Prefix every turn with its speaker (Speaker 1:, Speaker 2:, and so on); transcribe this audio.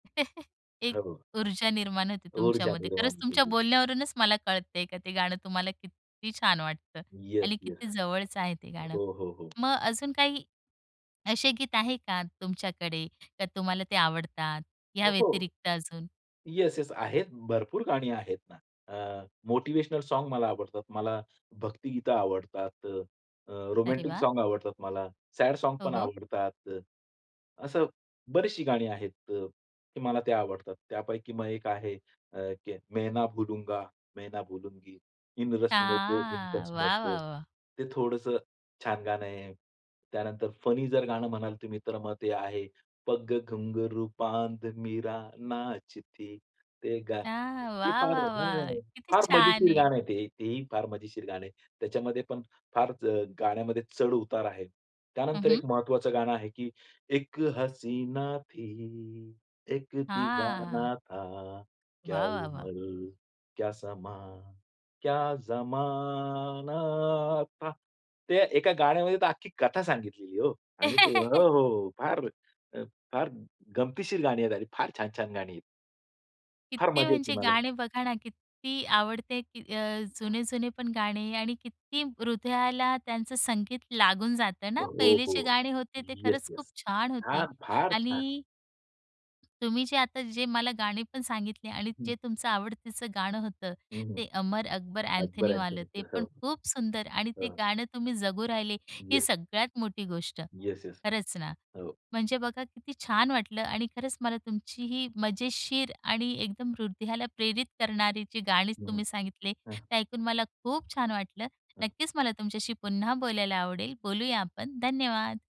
Speaker 1: एक
Speaker 2: [unintelligible]
Speaker 1: ऊर्जा निर्माण होते
Speaker 2: ऊर्जा
Speaker 1: तुमच्यामध्ये, खरंच
Speaker 2: निर्माण
Speaker 1: तुमच्या
Speaker 2: केली.
Speaker 1: बोलण्यावरूनच मला कळतंय का ते गाणं तुम्हाला किती छान वाटतं
Speaker 2: येस,
Speaker 1: आणि
Speaker 2: येस.
Speaker 1: किती जवळचं आहे ते गाणं.
Speaker 2: हो, हो, हो.
Speaker 1: मग अजून काही असे गीत आहे का तुमच्याकडे, का तुम्हाला ते आवडतात,
Speaker 2: अ,
Speaker 1: ह्या
Speaker 2: हो.
Speaker 1: व्यतिरिक्त अजून?
Speaker 2: Yes, yes. आहेत भरपूर गाणी आहेत ना. अ, मोटिव्हेशनल सॉंग मला आवडतात. मला भक्तिगीतं आवडतात, अ, अ,
Speaker 1: अरे
Speaker 2: रोमॅन्टिक
Speaker 1: वाह!
Speaker 2: सॉंग आवडतात मला. सॅड
Speaker 1: हो,
Speaker 2: सॉंगपण
Speaker 1: हो.
Speaker 2: आवडतात. अ, असं बरीचशी गाणी आहेत अ, की मला ते आवडतात. त्यापैकी मग एक आहे अ, की "मैं ना भूलूंगा, मैं ना भूलूंगी. इन रस्मों को, इन
Speaker 1: छान
Speaker 2: कसमों
Speaker 1: वाह,
Speaker 2: को."
Speaker 1: वाह, वाह!
Speaker 2: ते थोडंसं छान गाणं आहे. त्यानंतर फनी जर गाणं म्हणाल तुम्ही तर मग ते आहे, "पग घुंघरू बांध मीरा नाचती." ते गा
Speaker 1: हां,
Speaker 2: ते
Speaker 1: वाह,
Speaker 2: फार
Speaker 1: वाह, वाह!
Speaker 2: हां.
Speaker 1: किती
Speaker 2: फार
Speaker 1: छान
Speaker 2: मजेशीर
Speaker 1: आहे.
Speaker 2: गाणं आहे ते. तेही फार मजेशीर गाणं आहे. त्याच्यामध्ये पण फार अ, गाण्यामध्ये चढ-उतार आहे.
Speaker 1: हं,
Speaker 2: त्यानंतर
Speaker 1: हं.
Speaker 2: एक महत्वाचं गाणं आहे, की "इक हसीना थी, इक
Speaker 1: हां.
Speaker 2: दीवाना था, क्या
Speaker 1: वाह, वाह, वाह!
Speaker 2: उमर, क्या समा, क्या ज़माना था." ते एका गाण्यामध्ये तर अख्खी कथा सांगितलेली आहे हो. आणि हो, हो, हो, फार अ, फार गमतीशीर गाणी आहेत, फार छान-छान गाणी आहेत. फार
Speaker 1: किती
Speaker 2: मजा येते
Speaker 1: म्हणजे
Speaker 2: मला.
Speaker 1: गाणे बघा ना, किती आवडते की अ, जुने-जुने पण गाणे आणि किती हृदयाला त्यांचं संगीत लागून जातं ना.
Speaker 2: हो,
Speaker 1: पहिले
Speaker 2: हो.
Speaker 1: जे गाणे होते, ते
Speaker 2: येस,
Speaker 1: खरंच खूप
Speaker 2: येस.
Speaker 1: छान होते
Speaker 2: छान, फार छान.
Speaker 1: आणि. तुम्ही जे आता, जे मला गाणी पण सांगितले, आणि
Speaker 2: हं.
Speaker 1: जे तुमचं आवडतीचं गाणं होतं,
Speaker 2: हं, हं.
Speaker 1: ते अमर अकबर
Speaker 2: अकबर
Speaker 1: अँथनीवालं, ते
Speaker 2: अँथोनीचं.
Speaker 1: पण
Speaker 2: हो.
Speaker 1: खूप सुंदर, आणि ते
Speaker 2: हां.
Speaker 1: गाणं तुम्ही जगू राहिले, ही
Speaker 2: येस.
Speaker 1: सगळ्यात मोठी गोष्ट.
Speaker 2: Yes, yes.
Speaker 1: खरंच ना.
Speaker 2: हो.
Speaker 1: म्हणजे बघा किती छान वाटलं आणि खरंच मला तुमची ही मजेशीर आणि एकदम हृदयाला प्रेरित करणारी जी गाणीच
Speaker 2: हं, हं.
Speaker 1: तुम्ही सांगितले,
Speaker 2: हां.
Speaker 1: ते ऐकून मला खूप छान वाटलं.
Speaker 2: हां.
Speaker 1: नक्कीच मला तुमच्याशी पुन्हा बोलायला आवडेल. बोलूया आपण. धन्यवाद!